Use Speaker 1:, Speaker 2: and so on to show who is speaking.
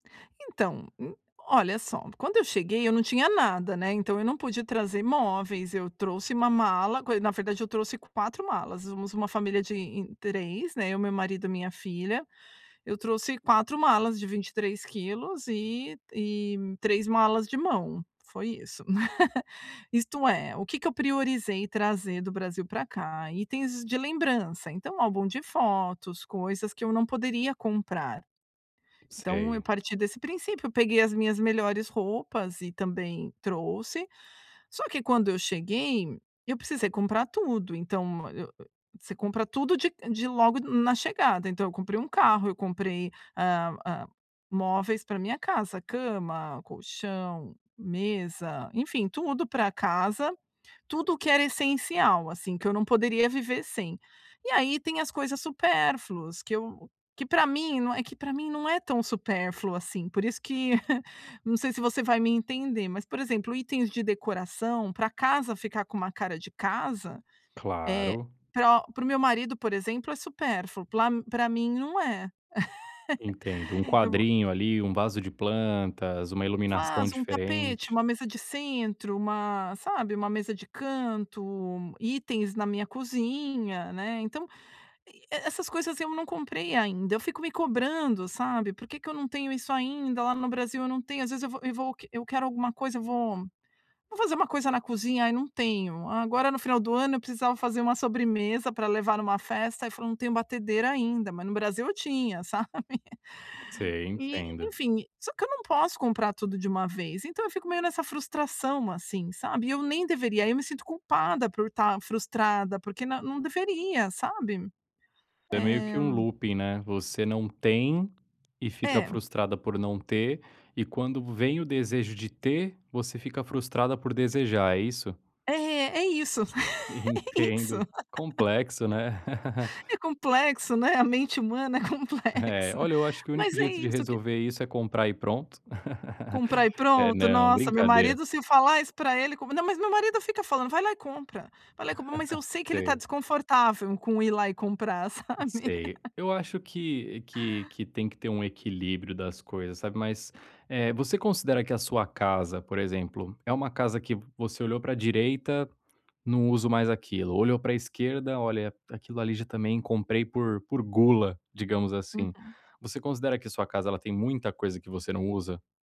Speaker 1: Então, hum, olha só, quando eu cheguei, eu não tinha nada, né, então eu não pude trazer móveis, eu trouxe uma mala, co na verdade eu trouxe 4 malas, somos uma família de em 3, né, eu, meu marido e minha filha. Eu trouxe 4 malas de 23 quilos e e 3 malas de mão. Foi isso. Isto é, o que que eu priorizei trazer do Brasil pra cá: itens de lembrança, então álbum de fotos, coisas que eu não poderia comprar. Então eu
Speaker 2: Sei.
Speaker 1: parti desse princípio, peguei as minhas melhores roupas e também trouxe. Só que quando eu cheguei, eu precisei comprar tudo. Então, eu você compra tudo de de logo na chegada. Então eu comprei 1 carro, eu comprei, hã hã, móveis pra minha casa, cama, colchão, mesa, enfim, tudo pra casa, tudo o que era essencial, assim, que eu não poderia viver sem. E aí tem as coisas supérfluas, que eu que pra mim não é é que pra mim não é tão supérfluo, assim, por isso que, não sei se você vai me entender, mas por exemplo, itens de decoração pra casa ficar com uma cara de casa, eh,
Speaker 2: Claro.
Speaker 1: pra para o meu marido, por exemplo, é supérfluo, pla pra mim não é.
Speaker 2: Entendo, um
Speaker 1: E vou
Speaker 2: quadrinho ali, um vaso de plantas, uma iluminação
Speaker 1: Vaso, um tapete,
Speaker 2: diferente.
Speaker 1: uma mesa de centro, uma sabe, uma mesa de canto, itens na minha cozinha, né. Então, eh, essas coisas eu não comprei ainda. Eu fico me cobrando, sabe: "Por que que eu não tenho isso ainda? Lá no Brasil eu não tenho." Às vezes eu vou e vou eu quero alguma coisa, eu vou vou fazer uma coisa na cozinha: "Aí não tenho." Agora, no final do ano, eu precisava fazer uma sobremesa pra levar numa festa, aí falei: “Não tenho batedeira ainda”. Mas no Brasil eu tinha, sabe?
Speaker 2: Sei,
Speaker 1: E,
Speaker 2: entendo.
Speaker 1: enfim, só que eu não posso comprar tudo de uma vez, então eu fico meio nessa frustração assim, sabe. E eu nem deveria, aí me sinto culpada por estar frustrada, porque n não deveria, sabe.
Speaker 2: É meio
Speaker 1: Eh
Speaker 2: que um looping, né. Você não tem e fica
Speaker 1: É.
Speaker 2: frustrada por não ter e, quando vem o desejo de ter, você fica frustrada por desejar, é isso?
Speaker 1: É, é isso, é isso.
Speaker 2: Entendo. Complexo, né?
Speaker 1: É complexo, né, a mente humana é
Speaker 2: É,
Speaker 1: complexa,
Speaker 2: olha, acho que o único
Speaker 1: mas é
Speaker 2: jeito de
Speaker 1: isso que
Speaker 2: resolver isso é comprar e pronto.
Speaker 1: Comprar e
Speaker 2: É
Speaker 1: pronto.
Speaker 2: não,
Speaker 1: Nossa, meu
Speaker 2: brincadeira.
Speaker 1: marido se falar isso pra ele não. Mas meu marido fica falando: "Vai lá e compra, vai lá e compra!". Mas eu sei que ele está
Speaker 2: Sei.
Speaker 1: desconfortável com ir lá e comprar, sabe.
Speaker 2: Sei. Eu acho que que que tem que ter um equilíbrio das coisas, sabe. Mas, eh, você considera que a sua casa, por exemplo, é uma casa que você olhou pra direita, "não uso mais aquilo", olhou pra esquerda, "olha aquilo ali já também comprei por gula", digamos assim.
Speaker 1: Uhum.
Speaker 2: Você considera que a sua casa tem muita coisa que você não usa?